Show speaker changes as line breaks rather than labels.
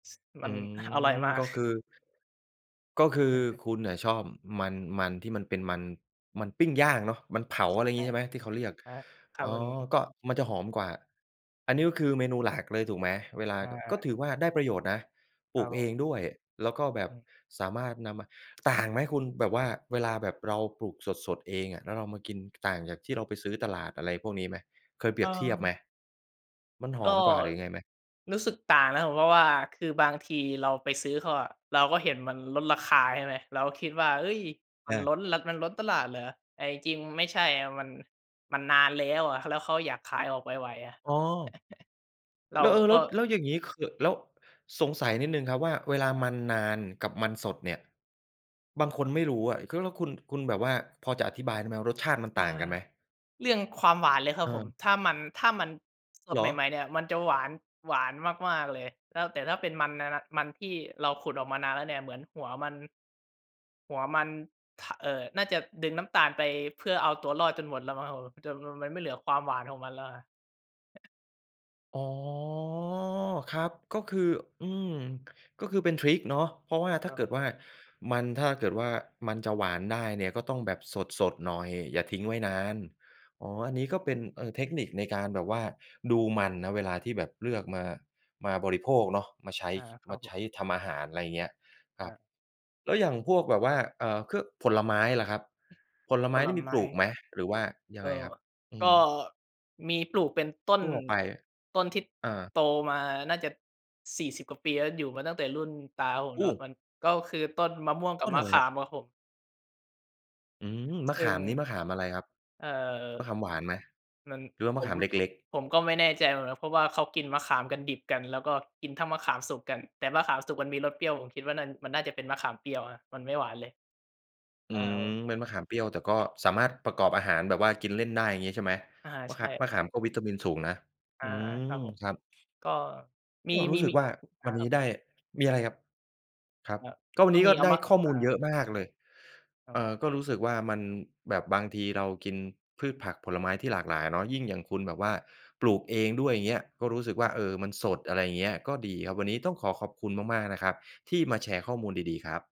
ม
อ
ั
ื
น ห อร่อย
ม
มา
ก
ก
็คือ ก็คือ
อือฮึ
คุณน่ะชอบมัน มันที่มันเป็นมัน มันปิ้งย่างเนาะ มันเผา อะไรอย่
ใ
า
ช
งง
่
ี้ ใช่ไหม ที่เขาเรียก
อา ค
อ
า
๋อ
รุน
ก็มันจะหอมกว่า อันนี้ก็คือเมนูหลักเลยถูกไหม เวลา
อ
ก ก็
า
ถือว่าได้ประโยชน์นะ ป
ค
ล
ร
ู
ับ
ก
ผ
เอ
ม
งด้วย แล้วก็แบ
อ
บ
ืม
สามารถนำมา ต่างไหมคุณ แบบว่า เวลาแบบเราปลูกสด ๆ เองอะ แล้วเรามากิน ต่างจากที่เราไปซื้อตลาดอะไรพวกนี้ไหม? เคยเปรียบเทียบไหม?
เออ
มันห
ก
อ
็
มกว่าหรือยังไงไหม?
รู้สึกต่างนะ ผม เพราะว่าคือบางทีเราไปซื้อเขาอะ เราก็เห็นมันลดราคาใช่ไหม เราก็คิดว่า เฮ้ย มัน
อา
ล้น ล มันล้นตลาดเหรอ แต่จริง ๆ ไม่ใช่อะ มัน มันนานแล้วอะ แล้วเขาอยากขายออกไว ๆ อะ
อ๋อ
เรา
แล้ว เออ
ก
แล
็
้ว แล้วอย่างงี้คือ แล้วสงสัยนิดหนึ่งครับ ว่าเวลา
ครั
มั
บ
นนานกับมันสดเนี่ย บางคนไม่รู้อะ ก แล้วคุณ คุณแบบว่าพอจะอธิบายได้ไหมว่ารสชาติมัน
อ
ต
า
่างกันไหม?
เรื่องความหวานเลยครับผม
เออ
ถ้ามัน ถ้ามันส
เห
ด
ร
ใ
อ?
หม่ ๆ เนี่ยมันจะหวาน หวานมาก ๆ เลย แล้ว แต่ถ้าเป็นมัน นะ นะ มันที่เราขุดออกมานานแล้วเนี่ย เหมือนหัวมัน หัวมัน ท เอ่อ น่าจะดึงน้ำตาลไปเพื่อเอาตัวรอดจนหมดแล้วมั้งครับผม จนมัน มันไม่เหลือความหวานของมันแล้ว
อ๋อ ครับ ก็คือ อืม ก็คือเป็นทริกเนาะ เพราะว่า
อา
ถ
ค
้
ร
า
ับ
เก
ผ
ิ
ม
ดว่ามัน ถ้าเกิดว่ามันจะหวานได้เนี่ยก็ต้องแบบสด ๆ หน่อย อย่าทิ้งไว้นาน อ๋อ อันนี้ก็เป็น เออ เทคนิคในการแบบว่าดูมันนะ เวลาที่แบบเลือกมา มาบริโภคเนาะ มาใช้
อา
ค
ครั
ม
บ
า
ผ
ใช
ม
้ทำอาหาร อะไรอย่างเงี้ยคร
อ
ับ
า
แล้วอย่างพวกแบบว่า เอ่อ ค ผลไม้ล่ะครับ ผล
ผ
ไม้น
ล
ี่มี
ไม
ป
้
ลูกไหม หรือว่ายั
เ
ง
อ
ไง
่
ค
อ
รับ? อื
ก็
ม
มีปลูกเป็นต้น
ทั่วไป
ต้นที่
อา
โตมาน่าจะ 40 กว่าปีแล้ว อยู่มาตั้งแต่รุ่นตาผม
โอ
เนาะ มั
้
นก็คือต้นมะม่วงกั
ต
บ
้น
ม
อ
ะ
ะไร
ข
คร
า
ับ?
มครับผม
อืม มะ
ซ
ข
ึ่ง
าม นี้มะขามอะไรครับ
เอ่อ
มะขามหวานไหม
มัน
หรือว่าม
ผ
ะข
ม
ามเ
ผ
ล
ม
็ก ๆ?
ผมก็ไม่แน่ใจนะ เพราะว่าเขากินมะขามกันดิบกัน แล้วก็กินทั้งมะขามสุกกัน แต่มะขามสุกมันมีรสเปรี้ยว ผมคิดนัน มันน่าจะเป็นมะขามเปรี้ยวอะ มันไม่หวานเลย
อื
อ้า
ม
ว
เป็นมะขามเปรี้ยว แต่ก็สามารถประกอบอาหารแบบว่ากินเล่นได้ อย่างงี้ใช่ไหม?
อา
ม
ใ
ะ
ช
ขา
่
มะขามก็วิตามินสูงนะ
อ
อ
า
ืม
ครับผม
ครับ
ก็มี
ก็รู
มี
้สึ
ม
ก
ี
ว่า
ค
ว
ร
ั
ั
นนี้
บ
ได
อ
้ มีอะไรครับ? ครับ
ครับ
ก็วั
ก
น
็
นี้
ม
ก็
ีเอา
ได้
ม
ข้อม
อา
ูลเยอะมากเลย
ครั
เอ
บ
่อ ก็รู้สึกว่ามัน แบบบางทีเรากินพืชผักผลไม้ที่หลากหลายเนาะ ยิ่งอย่างคุณแบบว่าปลูกเองด้วย อย่างเงี้ย ก็รู้สึกว่า เออ มันสด อะไรอย่างเงี้ย ก็ดีครับ วันนี้ต้องขอขอบคุณมาก ๆ นะครับ ที่มาแชร์ข้อมูลดี ๆ ครับ